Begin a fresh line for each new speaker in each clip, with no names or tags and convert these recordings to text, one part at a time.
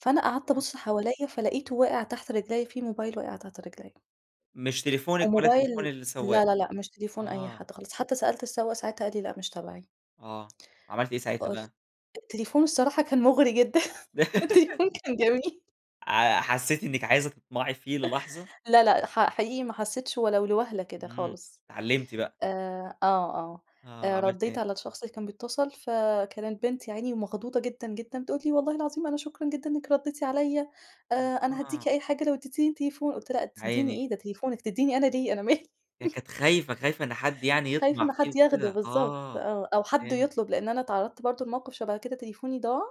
فأنا قعدت
اهم.
أبُص حواليّا فلقيته واقع تحت رجليّا، في موبايل واقع تحت رجليّا.
مش تليفونِك ولا
وموبايل
تليفون السواق،
لا، لا، لأ مش تليفون أي
آه.
حد خالص، حتى سألت السواق ساعتها قال لي لأ مش تبعي.
آه، عملتِ إيه ساعتها
فقل
بقى؟
التليفون الصراحة كان مغري جدًا، التليفون كان جميل.
ع حسيتِ إنك عايزة تطمعي فيه للحظة؟
لأ، لأ ح حقيقي ما حسيتش ولو لوهلة كده
امم،
خالص،
اتعلمتِ بقى.
آآ آه، آه
آه،
آآ
عملتِ
رديت
إيه؟
على الشخص اللي كان بيتصل فكانت بنت يا عيني ومخضوضة جدًا، جدًا بتقول لي والله العظيم أنا شكرًا جدًا إنِّك رديتِ عليّا، آآ أنا هادِّيكِ
آه.
أي حاجة لو ادَّتيني التليفون، قُلت لها لا
يا
تديني
عيني.
إيه؟! ده تليفونِك، تدِّيني أنا ليه؟ أنا مالي.
هي كانت خايفة، خايفة إن حد يعني
خايفة
يطمع
إن
فيه
حد ياخده
وكده،
بالضبط،
آه
آه أو حد
فهمت.
يطلب لأن أنا اتعرضت برضه لموقف شبه كده تليفوني ضاع،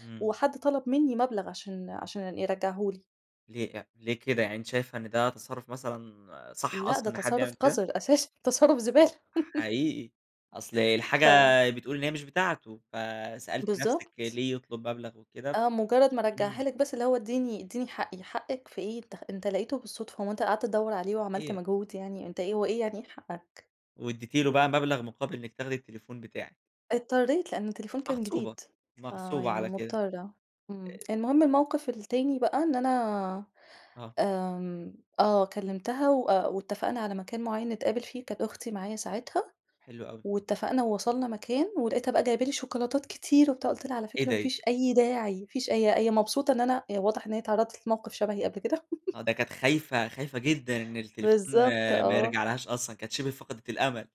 امم.
وحد طلب مني مبلغ عشان عشان يرجعه لي.
ليه لأ، ليه كده يعني أنتِ شايفة إن ده تصرف مثلًا صح،
لأ ده
أصلًا؟ إن حد يعمل
تصرف
كده؟
قذر أساسًا تصرف زبالة.
حقيقي، أصل الحاجة
ف
بتقول إن هي مش بتاعته، فسألتِ نفسِك
بالضبط.
ليه يطلب مبلغ وكده ف
آه مجرد ما رجعها
امم.
لِك بس، اللي هو ادِّيني ادِّيني حقي، حقك في إيه؟! أنت خ أنت لقيته بالصدفة، هو أنت قعدت تدوّر عليه وعملت
صحيح.
مجهود يعني، أنت إيه، هو إيه يعني إيه حقك؟!
واديتِ له بقى مبلغ مقابل إنِّك تاخدي التليفون بتاعِك.
اضطريت لأن التليفون كان
مغصوبة،
جديد،
مغصوبة
فيعني
على كده.
مضطرة، امم.
أ
المهم الموقف التاني بقى إن أنا
آه.
آمم آه كلمتها وأ واتفقنا على مكان معين نتقابل فيه كانت أختي معايا ساعتها،
حلو أوي.
واتفقنا ووصلنا مكان، ولقيتها بقى جايبة لي شوكولاتات كتير وبتاع، قُلت لها على
إيه
فكرة
ده،
ما
إيه ده؟
فيش أي داعي ما فيش هي هي مبسوطة إن أنا واضح إن هي اتعرضت لموقف شبهي قبل كده.
آه، ده كانت خايفة، خايفة جدًا إن التليفون
بالضبط،
ما
آه.
يرجعلهاش أصلًا، كانت شبه فقدت الأمل.